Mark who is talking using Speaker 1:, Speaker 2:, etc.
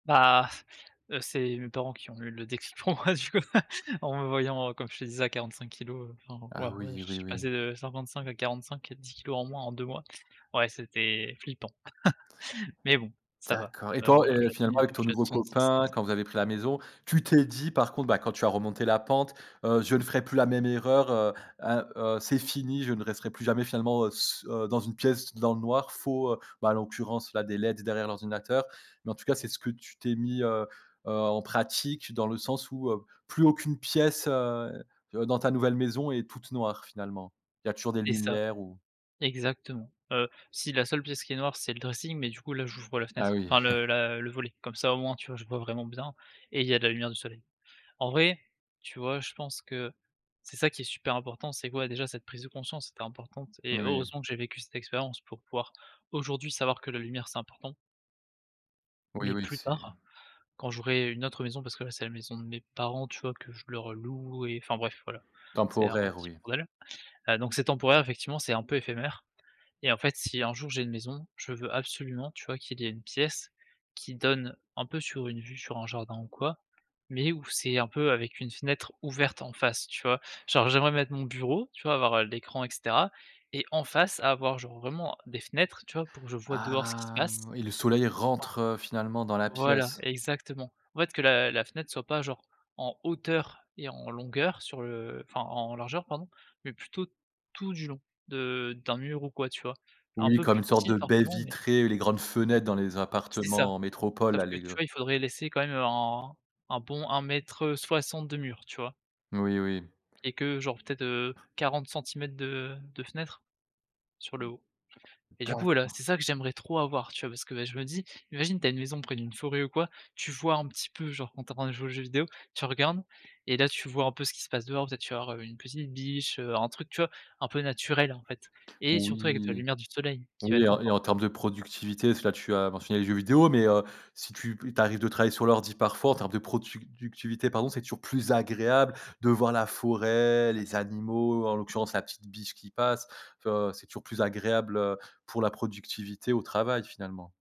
Speaker 1: Bah, heu, c'est mes parents qui ont eu le déclic pour moi, du coup, en me voyant, heu, comme je te disais à 45 kilogrammes, enfin,
Speaker 2: Ah
Speaker 1: voilà, ouais,
Speaker 2: oui,
Speaker 1: je
Speaker 2: oui,
Speaker 1: suis
Speaker 2: oui.
Speaker 1: passé de 55 à 45, à 10 kilogrammes en moins en 2 mois. Ouais c'était flippant, mais bon, ça va.
Speaker 2: D'accord, et
Speaker 1: Heu,
Speaker 2: toi, et finalement
Speaker 1: aujourd'hui, heu,
Speaker 2: avec
Speaker 1: je
Speaker 2: ton
Speaker 1: suis à
Speaker 2: nouveau
Speaker 1: 66 donc
Speaker 2: copain,
Speaker 1: c'est
Speaker 2: quand vous avez pris la maison, tu t'es dit par contre, bah, quand tu as remonté la pente, heu: «Je ne ferai plus la même erreur, heu, ah, heu, c'est fini, je ne resterai plus jamais finalement, heu, s heu, dans une pièce dans le noir, faut, heu» bah, en l'occurrence, là, des LEDs derrière l'ordinateur, mais en tout cas, c'est ce que tu t'es mis, heu, heu, en pratique dans le sens où, heu, plus aucune pièce, heu, heu, dans ta nouvelle maison est toute noire finalement? Il y a toujours des
Speaker 1: C'est ça.
Speaker 2: lumières ou?
Speaker 1: Exactement. Heu, si, la seule pièce qui est noire c'est le dressing, mais du coup là, j'ouvre la
Speaker 2: Ah
Speaker 1: fenêtre
Speaker 2: oui.
Speaker 1: enfin le la le volet, comme ça au moins, tu vois, je vois vraiment bien, et il y a de la lumière du soleil. En vrai, tu vois, je pense que c'est ça qui est super important, c'est que, ouais, déjà cette prise de conscience était importante et
Speaker 2: Oui, oui.
Speaker 1: heureusement que j'ai vécu cette expérience pour pouvoir aujourd'hui savoir que la lumière, c'est important.
Speaker 2: Oui,
Speaker 1: Mais
Speaker 2: oui,
Speaker 1: plus
Speaker 2: c'est
Speaker 1: tard, quand j'aurai une autre maison parce que là, c'est la maison de mes parents, tu vois, que je leur loue et enfin, bref, voilà, c'est un
Speaker 2: temporaire,
Speaker 1: petit
Speaker 2: oui.
Speaker 1: bordel. Heu, donc c'est temporaire, effectivement, c'est un peu éphémère, et en fait, si un jour, j'ai une maison, je veux absolument, tu vois, qu'il y ait une pièce qui donne un peu sur une vue sur un jardin ou quoi, mais où c'est un peu avec une fenêtre ouverte en face, tu vois? Genre j'aimerais mettre mon bureau, tu vois, avoir, heu, l'écran et cetera, et en face, avoir, genre, vraiment des fenêtres, tu vois, pour que je vois dehors ce qui se
Speaker 2: Ah,
Speaker 1: passe.
Speaker 2: oui le soleil rentre, heu, finalement dans la
Speaker 1: Voilà
Speaker 2: pièce.
Speaker 1: exactement. En fait, que la la fenêtre soit pas, genre, en hauteur et en longueur sur le enfin, en largeur pardon, mais plutôt tout du long de d'un mur ou quoi, tu vois? Un
Speaker 2: Oui,
Speaker 1: peu
Speaker 2: comme
Speaker 1: plus
Speaker 2: une sorte
Speaker 1: petit
Speaker 2: de baie
Speaker 1: forcément, mais
Speaker 2: vitrée, les grandes fenêtres dans les
Speaker 1: C'est ça.
Speaker 2: appartements en métropole,
Speaker 1: Sauf
Speaker 2: là
Speaker 1: que,
Speaker 2: les
Speaker 1: tu
Speaker 2: gre
Speaker 1: vois, il faudrait laisser quand même un un bon 1 m, heu, 60 de mur, tu vois?
Speaker 2: Oui, oui.
Speaker 1: Et que, genre, peut-être, heu, 40 centimètres de de fenêtre sur le haut. Et du coup, voilà, c'est
Speaker 2: D'accord.
Speaker 1: ça que j'aimerais trop avoir, tu vois? Parce que, bah, je me dis: «Imagine, tu as une maison près d'une forêt ou quoi, tu vois, un petit peu, genre, quand tu es en train de jouer aux jeux vidéos, tu regardes et là, tu vois un peu ce qui se passe dehors, peut-être tu vas voir, heu, une petite biche, heu, un truc, tu vois, un peu naturel, en fait» et surtout avec de la
Speaker 2: Oui,
Speaker 1: lumière du soleil qui va
Speaker 2: oui, et
Speaker 1: être
Speaker 2: en et en
Speaker 1: import
Speaker 2: termes de productivité, parce que là, tu as mentionné les jeux vidéo, mais heu, si tu p il t'arrive de travailler sur l'ordi parfois, en termes de productivité pardon, c'est toujours plus agréable de voir la forêt, les animaux, en l'occurrence la petite biche qui passe, tu vois, c'est toujours plus agréable, heu, pour la productivité au travail, finalement.